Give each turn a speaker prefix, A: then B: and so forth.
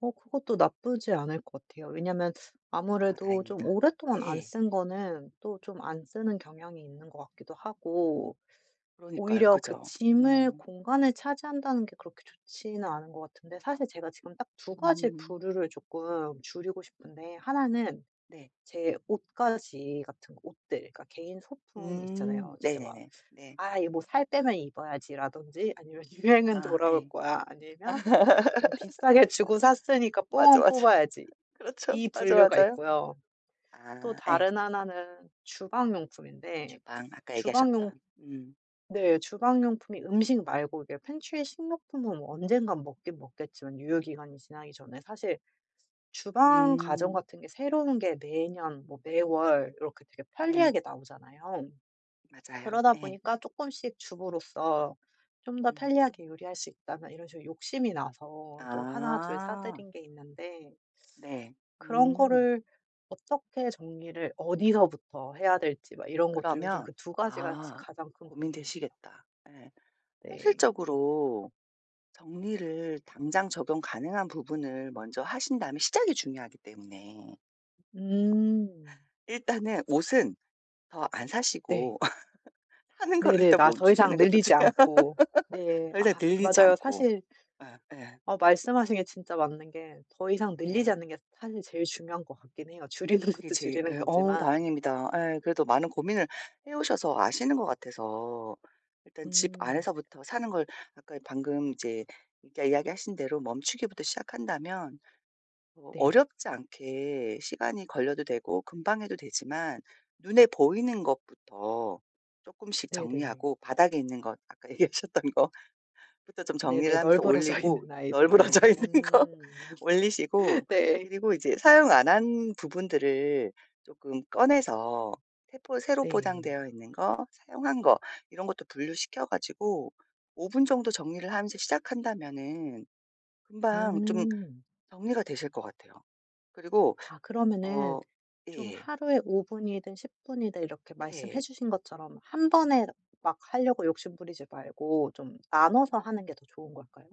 A: 어 그것도 나쁘지 않을 것 같아요. 왜냐면
B: 아
A: 아무래도 좀
B: 다행입니다.
A: 오랫동안 안
B: 예.
A: 쓴 거는 또 좀 안 쓰는 경향이 있는 것 같기도 하고
B: 그러니까요.
A: 오히려 그
B: 그죠.
A: 짐을
B: 어.
A: 공간을 차지한다는 게 그렇게 좋지는 않은 것 같은데 사실 제가 지금 딱 2 가지
B: 음.
A: 부류를 쪼끔 줄이고 싶은데 1 는
B: 네.
A: 제 옷가지 같은 옷들 그러니까 개인 소품 있잖아요.
B: 음
A: 진짜 막
B: 네네네. 네.
A: '아 이 뭐 살 빼면 입어야지.'라든지 아니면 '유행은
B: 아
A: 돌아올
B: 예.
A: 거야.' 아니면 좀 '비싸게 주고 샀으니까
B: 맞아,
A: 뽕은
B: 맞아.
A: 뽑아야지.'
B: 그렇죠.
A: 이
B: 맞아,
A: 분류가
B: 맞아요.
A: 있고요. 또
B: 아 예.
A: 다른 1 는 주방 용품인데
B: 주방 아까
A: 주방 용
B: 얘기하셨던. 음.
A: 네 주방 용품이 음식 말고 이게 팬트리 식료품은 뭐 언젠가 먹긴 먹겠지만 유효기간이 지나기 전에 사실 주방 가전
B: 음.
A: 같은 게 새로운 게 매년 뭐 매월 이렇게 되게
B: 네.
A: 편리하게 나오잖아요.
B: 맞아요.
A: 그러다
B: 예.
A: 보니까 쪼끔씩 주부로서 좀 더
B: 음.
A: 편리하게 요리할 수 있다면 이런 식으로 욕심이 나서 좀 1 둘
B: 아.
A: 사들인 게 있는데
B: 네.
A: 그런
B: 음.
A: 거를 어떻게 정리를 어디서부터 해야 될지 막 이런 것도 요즘
B: 그러면
A: 그 2 가지가 진
B: 아
A: 가장 큰 고민이에요.
B: 고민되시겠다. 예.
A: 네.
B: 현실적으로 정리를 당장 적용 가능한 부분을 먼저 하신 다음에 시작이 중요하기 때문에.
A: 음.
B: 일단은 옷은 더 안
A: 네.
B: 사시고 사는 걸
A: 네네.
B: 일단
A: 나 더 이상
B: 멈추시는 것도
A: 늘리지
B: 중요
A: 않고. 네.
B: 더 이상
A: 아 그
B: 늘리지
A: 맞아요.
B: 않고.
A: 사실
B: 어 예.
A: 어 말씀하신 게 진짜 맞는 게 더 이상 늘리지
B: 네.
A: 않는 게 사실 제일 중요한 것 같긴 해요 줄이는
B: 그게
A: 것도
B: 제일
A: 줄이는
B: 예 어
A: 거지만.
B: 다행입니다. 예. 그래도 많은 고민을 해 오셔서 아시는 것 같아서 일단 집
A: 음.
B: 안에서부터 사는 걸 아까 방금 이제 아까 이야기하신 대로 멈추기부터 시작한다면 뭐
A: 네.
B: 어렵지 않게 시간이 걸려도 되고 금방 해도 되지만 눈에 보이는 것부터 쪼끔씩
A: 네네.
B: 정리하고 바닥에 있는 것 아까 얘기하셨던 거 부터 좀 정리를
A: 네네.
B: 하면서
A: 널브러져
B: 올리고
A: 있는 아이들을.
B: 널브러져 있는 거
A: 음.
B: 올리시고
A: 네.
B: 그리고 이제 사용 안 한 부분들을 쪼끔 꺼내서 새 포 새로
A: 네.
B: 포장되어 있는 거, 사용한 거 이런 것도 분류시켜 가지고 5 분 정도 정리를 하면서 시작한다면은 금방 좀
A: 음.
B: 정리가 되실 것 같아요. 그리고
A: 아 그러면은
B: 어
A: 좀
B: 예.
A: 하루에 5 분이든 10 분이든 이렇게 말씀해
B: 네.
A: 주신 것처럼 1 번에 막 하려고 욕심부리지 말고 좀 나눠서 하는 게 더 좋은 걸까요?